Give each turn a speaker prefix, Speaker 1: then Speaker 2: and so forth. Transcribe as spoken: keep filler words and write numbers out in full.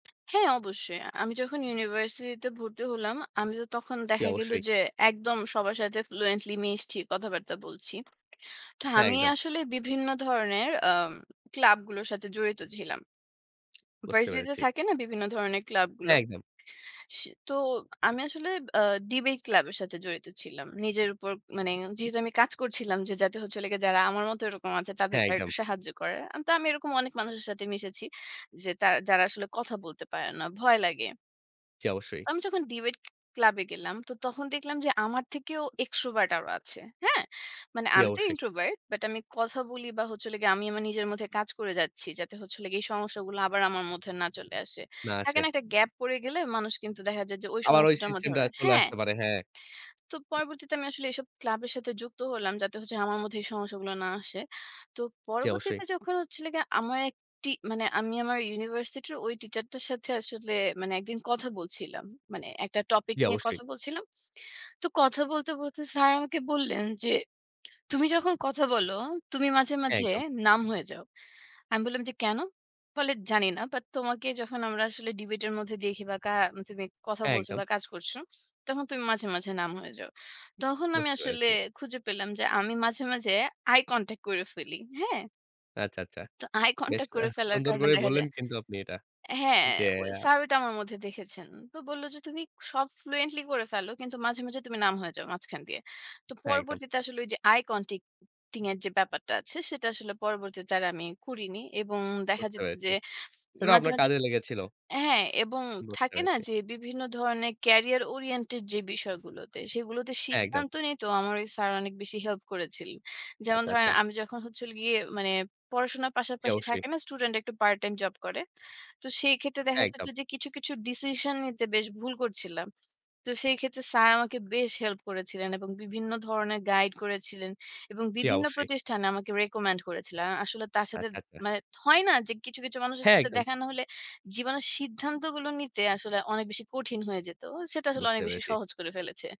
Speaker 1: হ্যাঁ, অবশ্যই। আ আমি যখন ইউনিভার্সিটি তে ভর্তি হলাম, আমি তো তখন
Speaker 2: জি,
Speaker 1: দেখা গেল
Speaker 2: অবশ্যই।
Speaker 1: যে, একদম সবার সাথে ফ্লুয়েন্টলি মিশছি, কথাবার্তা বলছি। তো
Speaker 2: হ্যাঁ,
Speaker 1: আমি
Speaker 2: একদম।
Speaker 1: আসলে বিভিন্ন ধরনের আম ক্লাব গুলোর সাথে জড়িত ছিলাম।
Speaker 2: বুঝতে
Speaker 1: ভার্সিটি তে
Speaker 2: পেরেছি।
Speaker 1: থাকে না, বিভিন্ন ধরনের ক্লাব গুলো?
Speaker 2: হ্যাঁ, একদম।
Speaker 1: স তো। আমি আসলে আ ডিবেট ক্লাব এর সাথে জড়িত ছিলাম। নিজের উপর মানে, যেহেতু আমি কাজ করছিলাম যে যাতে হচ্ছে হলো গিয়ে, যারা আমার মতো এরকম আছে,
Speaker 2: হ্যাঁ,
Speaker 1: তাদেরকে আর
Speaker 2: একদম।
Speaker 1: একটু সাহায্য করা। তো আমি এরকম অনেক মানুষের সাথে মিশেছি যে, তার যারা আসলে কথা বলতে পারে না। ভয় লাগে
Speaker 2: জি, অবশ্যই।
Speaker 1: আমি যখন ডিবেট ক্লাব এ গেলাম, তো তখন দেখলাম যে আমার থেকেও এক্সট্রোভার্ট আরো আছে। হ্যাঁ? মানে
Speaker 2: জি,
Speaker 1: আমি তো
Speaker 2: অবশ্যই।
Speaker 1: ইন্ট্রোভার্ট। বাট আমি কথা বলি বা হলে আমি আমার নিজের মধ্যে কাজ করে যাচ্ছি। যাতে হচ্ছে হলো গিয়ে, এই সমস্যাগুলো আবার আমার মধ্যে না চলে আসে।
Speaker 2: না
Speaker 1: থাকে
Speaker 2: আসে।
Speaker 1: না একটা গ্যাপ? পড়ে গেলে মানুষ কিন্তু দেখা যায় যে,
Speaker 2: আবার ওই
Speaker 1: সমস্যাটার
Speaker 2: সিস্টেম
Speaker 1: মধ্যে
Speaker 2: টা
Speaker 1: আবার
Speaker 2: চলে
Speaker 1: হ্যাঁ।
Speaker 2: আসতে পারে, হ্যাঁ।
Speaker 1: তো পরবর্তীতে আমি আসলে এইসব ক্লাবের সাথে যুক্ত হলাম। যাতে হচ্ছে আমার মধ্যে এই সমস্যাগুলো না আসে। তো
Speaker 2: জি, অবশ্যই।
Speaker 1: পরবর্তীতে যখন হচ্ছিল গিয়ে আমার এক টি, মানে আমি আমার ইউনিভার্সিটি'র ঐ টিচার টার সাথে আসলে মানে একদিন কথা বলছিলাম। মানে একটা টপিক
Speaker 2: জি,
Speaker 1: নিয়ে
Speaker 2: অবশ্যই।
Speaker 1: কথা বলছিলাম। তো কথা বলতে, বলতে স্যার আমাকে বললেন যে, তুমি যখন কথা বলো, তুমি মাঝে, মাঝে
Speaker 2: একদম।
Speaker 1: নাম্ব হয়ে যাও। আমি বললাম যে, "কেন?" বলে যে "জানি না। বাট তোমাকে যখন আমরা আসলে ডিবেট এর মধ্যে দেখি বা কা তুমি কথা
Speaker 2: হ্যাঁ,
Speaker 1: বলছ
Speaker 2: একদম।
Speaker 1: বা কাজ করছ, তখন তুমি মাঝে, মাঝে নাম্ব হয়ে যাও।" তখন আমি
Speaker 2: বুঝতে
Speaker 1: আসলে
Speaker 2: পেরেছি।
Speaker 1: খুঁজে পেলাম যে, আমি মাঝে, মাঝে আই কনট্যাক্ট করে ফেলি। হ্যাঁ?
Speaker 2: আচ্ছা, আচ্ছা।
Speaker 1: তো আই
Speaker 2: বেশ
Speaker 1: কনট্যাক্ট করে
Speaker 2: আহ
Speaker 1: ফেলার
Speaker 2: সুন্দর
Speaker 1: কারণে
Speaker 2: করেই
Speaker 1: দেখা
Speaker 2: বললেন
Speaker 1: যায়
Speaker 2: কিন্তু আপনি এটা।
Speaker 1: হ্যাঁ,
Speaker 2: যে
Speaker 1: ঐ স্যার ওইটা আমার মধ্যে দেখেছেন। তো বলল যে, "তুমি সব ফ্লুয়েন্টলি করে ফেলো। কিন্তু মাঝে, মাঝে তুমি নাম্ব হয়ে যাও মাঝখান দিয়ে।" তো
Speaker 2: হ্যাঁ, একদম।
Speaker 1: পরবর্তীতে আসলে ওই যে আই কনটাক্টিং এর যে ব্যাপারটা আছে, সেটা আসলে পরবর্তীতে আমি করিনি। এবং দেখা
Speaker 2: বুঝতে
Speaker 1: যেত
Speaker 2: পেরেছি।
Speaker 1: যে
Speaker 2: সেটাও
Speaker 1: মাঝে,
Speaker 2: আপনার
Speaker 1: মাঝে
Speaker 2: কাজে লেগেছিল।
Speaker 1: হ্যাঁ, এবং
Speaker 2: বুঝতে
Speaker 1: থাকে না?
Speaker 2: পারছি।
Speaker 1: যে, বিভিন্ন ধরণের কেরিয়ার ওরিয়েন্টেড যে বিষয়গুলোতে, সেগুলোতে
Speaker 2: হ্যাঁ, একদম।
Speaker 1: সিদ্ধান্ত নিয়ে তো আমার ওই স্যার, অনেক বেশি হেল্প করেছিলেন। যেমন
Speaker 2: আচ্ছা,
Speaker 1: ধরেন
Speaker 2: আচ্ছা।
Speaker 1: আমি যখন হচ্ছিল গিয়ে পড়াশোনার
Speaker 2: জি,
Speaker 1: পাশাপাশি
Speaker 2: অবশ্যই।
Speaker 1: থাকে না, স্টুডেন্ট একটু পার্ট টাইম জব করে? তো সেই ক্ষেত্রে দেখা যেত
Speaker 2: একদম।
Speaker 1: যে কিছু, কিছু ডিসিশন নিতে বেশ ভুল করছিলাম। তো সেই ক্ষেত্রে স্যার আমাকে বেশ হেল্প করেছিলেন এবং বিভিন্ন ধরনের গাইড করেছিলেন এবং
Speaker 2: জি,
Speaker 1: বিভিন্ন
Speaker 2: অবশ্যই।
Speaker 1: প্রতিষ্ঠানে আমাকে রিকমেন্ড করেছিল। আ আসলে তার সাথে
Speaker 2: আচ্ছা, আচ্ছা।
Speaker 1: মানে, হয় না যে, কিছু, কিছু মানুষের
Speaker 2: হ্যাঁ,
Speaker 1: সাথে
Speaker 2: একদম।
Speaker 1: দেখা না হলে, জীবনের সিদ্ধান্তগুলো নিতে আসলে অনেক বেশি কঠিন হয়ে যেত? সেটা আসলে
Speaker 2: বুঝতে
Speaker 1: অনেক বেশি
Speaker 2: পেরেছি।
Speaker 1: সহজ করে ফেলেছে।